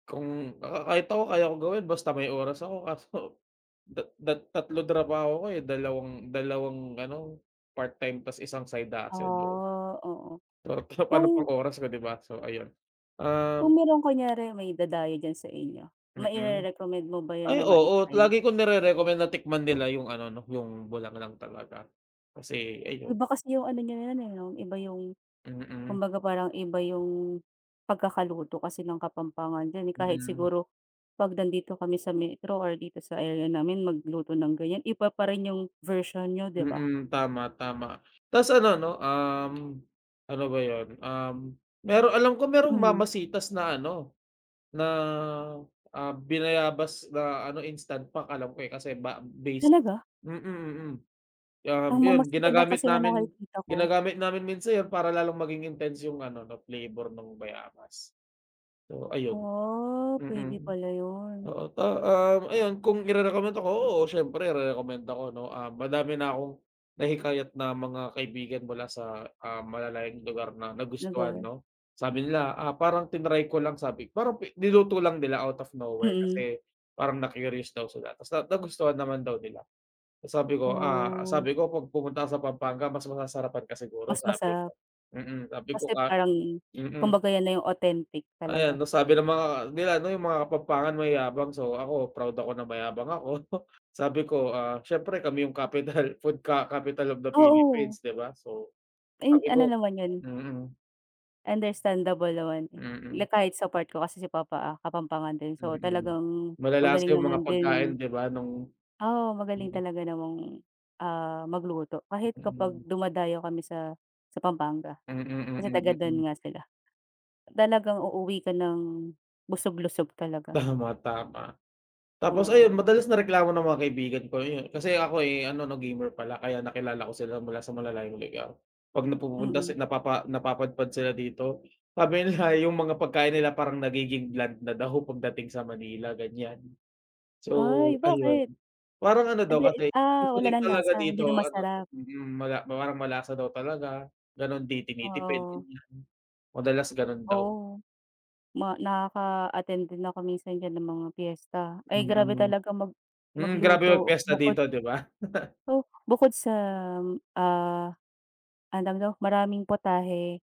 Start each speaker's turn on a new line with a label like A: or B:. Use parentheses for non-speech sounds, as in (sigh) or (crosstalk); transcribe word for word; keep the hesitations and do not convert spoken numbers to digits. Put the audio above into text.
A: Kung baka kahit ako kaya ko gawin basta may oras ako kaso dat dat tatlo trabaho ko, eh. Dalawang dalawang ano, part time ta's isang side hustle yo.
B: Oh, oo.
A: So, kaya paano pang
B: Kung
A: oras ko, di ba? So ayun. Um
B: Kung meron kunyare may dadayo diyan sa inyo,
A: Mm.
B: maire-recommend mo ba yun
A: Ay,
B: na
A: oo,
B: mai-try?
A: lagi kong nire-recommend na tikman nila yung ano 'no, yung bulanglang talaga. Kasi ayun
B: Iba kasi yung ano niyo yun, eh, 'no? Iba yung
A: Mm.
B: kumbaga parang iba yung pagkakaluto kasi ng kapampangan din, eh. Kahit
A: Mm.
B: siguro 'pag nandito kami sa metro or dito sa area namin magluto ng ganyan, iba pa rin yung version niyo, di ba?
A: Mm, tama, tama. Ta's ano 'no, um, ano ba yun? Um, meron alam ko merong
B: Mhm.
A: mamasitas na ano, na, ah, binayabas na ano, instant pack alam ko, eh, kasi ba base
B: Talaga?
A: mm, mm. Kaya nga
B: Ang Mama
A: yun,
B: Sita lang
A: ginagamit
B: kasi ang
A: namin
B: nakikita ko.
A: ginagamit namin minsan yan para lalong maging intense yung ano 'no, flavor no'ng bayabas. So ayun.
B: Oh, pwede
A: Mm.
B: pala yun.
A: Oo, to um, ayan, kung irerekomenda ko, oo siyempre irerekomenda ko 'no. Ah, madami na akong nahikayat na mga kaibigan mula sa, ah, malalayong lugar na nagustuhan
B: Naga
A: 'no. Sabi nila, ah, parang tinry ko lang sabi parang niluto lang nila out of nowhere,
B: Mm.
A: kasi parang na-curious daw sila ta's na nagustuhan naman daw nila. Ta's sabi ko, ah,
B: Oh.
A: sabi ko, 'pag pumunta ka sa Pampanga mas masasarapan ka siguro
B: Mas
A: sabi
B: masarap.
A: ko. Mm. Sabi ko
B: Kasi
A: nga
B: parang,
A: Mm.
B: kumbaga yan na yung authentic
A: Ayan,
B: talaga.
A: ta's sabi ng mga nila ano, yung mga kapampangan mayayabang, so ako proud ako na mayabang ako. (chuckles) Sabi ko, ah, siyempre kami yung capital food ka capital of the
B: Oo.
A: Philippines, di ba? So,
B: And
A: sabi
B: ano
A: ko
B: naman yun?
A: mm.
B: Understandable naman, eh.
A: Mm.
B: Le kahit support ko kasi si papa, ah, kapampangan din so
A: Mm.
B: talagang
A: Malalasa
B: magaling
A: yung mga
B: naman
A: pagkain,
B: din.
A: di ba? No'ng
B: Oo, magaling talaga namang, ah, magluto kahit kapag
A: Mm.
B: dumadayo kami sa sa Pampanga.
A: Mm,
B: Kasi taga
A: mm, mm.
B: do'n nga sila. Talagang uuwi ka ng busog lusog talaga.
A: Tama, tama. Tapos ayun
B: Oo.
A: madalas na reklamo ng mga kaibigan ko, yun, kasi ako'y ano 'no, gamer pala kaya nakilala ko sila mula sa malalayong lugar. 'Pag napupunta sa
B: Mm.
A: napapa napapadpad sila dito, sabi nila yung mga pagkain nila parang nagiging bland na daw pagdating sa Manila, ganyan. So,
B: Ay
A: ayun.
B: bakit?
A: Parang ano daw
B: Hindi,
A: kasi
B: ah, wala
A: seasoning
B: ng
A: talaga
B: lasa? Hindi
A: dito
B: na
A: ano
B: masarap.
A: mm, mala mawar malasa daw talaga, gano'n, 'di tinitipid,
B: Oo.
A: ganyan. Madalas gano'n daw.
B: Oh. Ma nakaka-attend din ako minsan diyan ng mga piyesta. Ay, grabe
A: Mm.
B: talaga mag
A: Mm, grabe
B: magluto.
A: magpiyesta
B: Bukod
A: dito, di ba? (laughs)
B: oh, bukod sa, ah, ano tawag dito? Maraming putahe